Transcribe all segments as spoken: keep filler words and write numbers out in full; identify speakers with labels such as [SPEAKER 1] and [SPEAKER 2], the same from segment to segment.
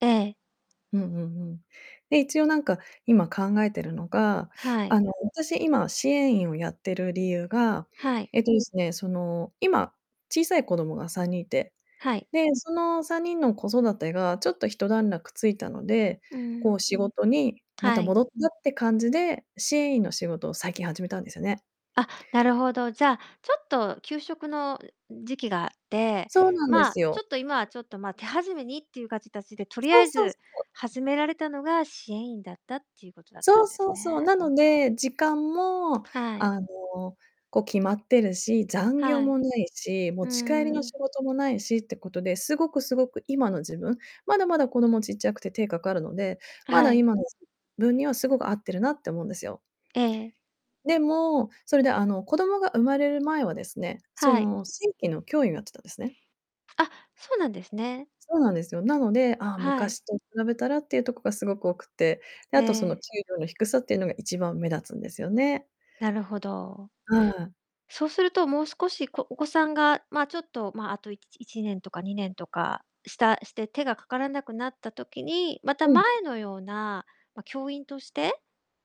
[SPEAKER 1] ええ。
[SPEAKER 2] うんうん、ふん。で、一応なんか、今、考えてるのが、
[SPEAKER 1] はい。
[SPEAKER 2] あの、私、今、支援員をやってる理由が、
[SPEAKER 1] はい。
[SPEAKER 2] えっとですね、その、今、小さい子供がさんにんいて、
[SPEAKER 1] はい。
[SPEAKER 2] で、そのさんにんの子育てがちょっとひと段落ついたので、
[SPEAKER 1] うんう
[SPEAKER 2] こ
[SPEAKER 1] ん。
[SPEAKER 2] う、仕事にま
[SPEAKER 1] は
[SPEAKER 2] た
[SPEAKER 1] い。
[SPEAKER 2] 戻ったって感じで支援員の仕事を最近始めたんですよね。
[SPEAKER 1] あ、なるほど。じゃ、ちょっと、休職の、う時期があって、
[SPEAKER 2] そうなんで
[SPEAKER 1] まあ、
[SPEAKER 2] す
[SPEAKER 1] ちょ
[SPEAKER 2] よ。
[SPEAKER 1] っと今は、ちょっと、ま、手始めにっていうがちたちで、と
[SPEAKER 2] そ
[SPEAKER 1] りあ
[SPEAKER 2] う
[SPEAKER 1] え
[SPEAKER 2] そう
[SPEAKER 1] ず
[SPEAKER 2] そう。
[SPEAKER 1] 始められたのが、支援員だったっていうことだった
[SPEAKER 2] そう
[SPEAKER 1] んです
[SPEAKER 2] そうそう、
[SPEAKER 1] ね。
[SPEAKER 2] なので、時間も、
[SPEAKER 1] はい。
[SPEAKER 2] あの、こう、決まってるし、残業
[SPEAKER 1] はい。
[SPEAKER 2] もないし、持
[SPEAKER 1] うー
[SPEAKER 2] ち帰りの仕
[SPEAKER 1] ん。
[SPEAKER 2] 事もないしってことで、すごく、すごく、今の自分、まだまだ子供ちっちゃくて手かかるので、
[SPEAKER 1] あ、
[SPEAKER 2] ま
[SPEAKER 1] は
[SPEAKER 2] だ、
[SPEAKER 1] い。
[SPEAKER 2] 今の自分にはすごく合ってるなって思うんですよ。
[SPEAKER 1] ええええ。
[SPEAKER 2] でも、それで、あの、子供が生まれる前はですね、そ
[SPEAKER 1] はい。
[SPEAKER 2] の、正規の教員をやってたんですね。
[SPEAKER 1] あ、そうなんですね。
[SPEAKER 2] そうなんですよ。なので、ああ、
[SPEAKER 1] はい。
[SPEAKER 2] 昔と比べたらっていうとこが凄く多くて、で、
[SPEAKER 1] え
[SPEAKER 2] あと、その、給
[SPEAKER 1] え。
[SPEAKER 2] 料の低さっていうのが一番目立つんですよね。
[SPEAKER 1] なるほど。
[SPEAKER 2] うん。
[SPEAKER 1] そうすると、もう少し、こお子さんが、まあ、ちょっと、まあ、あと、いいちねんとかいちねんとかしたして、手がかからなくなった時に、また
[SPEAKER 2] うん。
[SPEAKER 1] 前のような、ま、教員として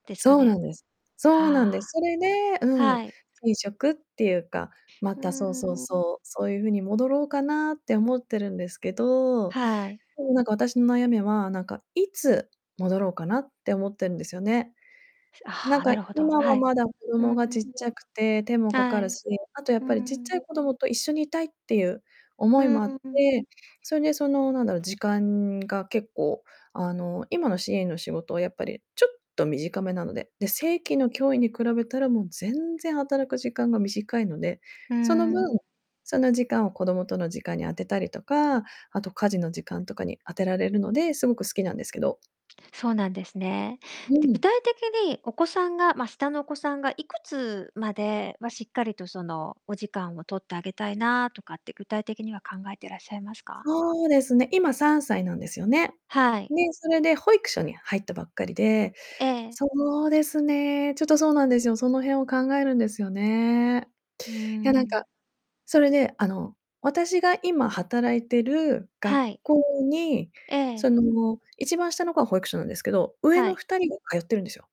[SPEAKER 1] ですか
[SPEAKER 2] そうな
[SPEAKER 1] ね？
[SPEAKER 2] んです。そうなんで
[SPEAKER 1] は
[SPEAKER 2] す。
[SPEAKER 1] あ。
[SPEAKER 2] それでうん、
[SPEAKER 1] はい。
[SPEAKER 2] 手に職っていうか、ま
[SPEAKER 1] う
[SPEAKER 2] た
[SPEAKER 1] んう
[SPEAKER 2] そ
[SPEAKER 1] ん
[SPEAKER 2] うそう
[SPEAKER 1] うんうん。
[SPEAKER 2] そう、そういう風に戻ろうかなって思ってるんですけど、
[SPEAKER 1] はい。
[SPEAKER 2] でもなんか、私の悩みは、なんか、いつ戻ろうかなって思ってんですよね。な
[SPEAKER 1] あ
[SPEAKER 2] ん
[SPEAKER 1] あ、
[SPEAKER 2] か、
[SPEAKER 1] なるほど、
[SPEAKER 2] 今
[SPEAKER 1] は
[SPEAKER 2] は
[SPEAKER 1] い。
[SPEAKER 2] まだ子
[SPEAKER 1] う
[SPEAKER 2] 供
[SPEAKER 1] ん。
[SPEAKER 2] がちっちゃくて手もかか
[SPEAKER 1] は
[SPEAKER 2] る
[SPEAKER 1] い。
[SPEAKER 2] し、あと、や
[SPEAKER 1] う
[SPEAKER 2] っぱり、ちっちゃ
[SPEAKER 1] ん。
[SPEAKER 2] い子供と一緒にいたいっていう思
[SPEAKER 1] う
[SPEAKER 2] いも
[SPEAKER 1] ん
[SPEAKER 2] あっ
[SPEAKER 1] うん。
[SPEAKER 2] て、それで、その、なんだろ、時間が結構、あの、今の支援員の仕事はやっぱりちょっと短めなので、で、正規の教員に比べたら、もう全然働く時間が短いので、
[SPEAKER 1] うー
[SPEAKER 2] その分、
[SPEAKER 1] ん。
[SPEAKER 2] その時間を子供との時間に当てたりとか、あと、家事の時間とかに当てられるので、すごく好きなんですけど。
[SPEAKER 1] そうなんですね。
[SPEAKER 2] う
[SPEAKER 1] で、具
[SPEAKER 2] ん。
[SPEAKER 1] 体的に、お子さんがま、下のお子さんがいくつまではしっかりと、その、お時間を取ってあげたいなとかって、具体的には考えてらっしゃいますか？
[SPEAKER 2] そうですね、今、さんさいなんですよね。
[SPEAKER 1] はい。
[SPEAKER 2] で、それで保育所に入ったばっかりで、
[SPEAKER 1] ええ。
[SPEAKER 2] そうですね、ちょっとそうなんですよ。その辺を考えるんですよね。
[SPEAKER 1] うー
[SPEAKER 2] いやなんか、
[SPEAKER 1] ん。
[SPEAKER 2] それで、あの、私が今、働いてる学
[SPEAKER 1] はい。
[SPEAKER 2] 校に、
[SPEAKER 1] ええ
[SPEAKER 2] その、一番下の子は保育所なんですけど、上
[SPEAKER 1] は
[SPEAKER 2] の
[SPEAKER 1] い。
[SPEAKER 2] ふたりが通ってるんですよ。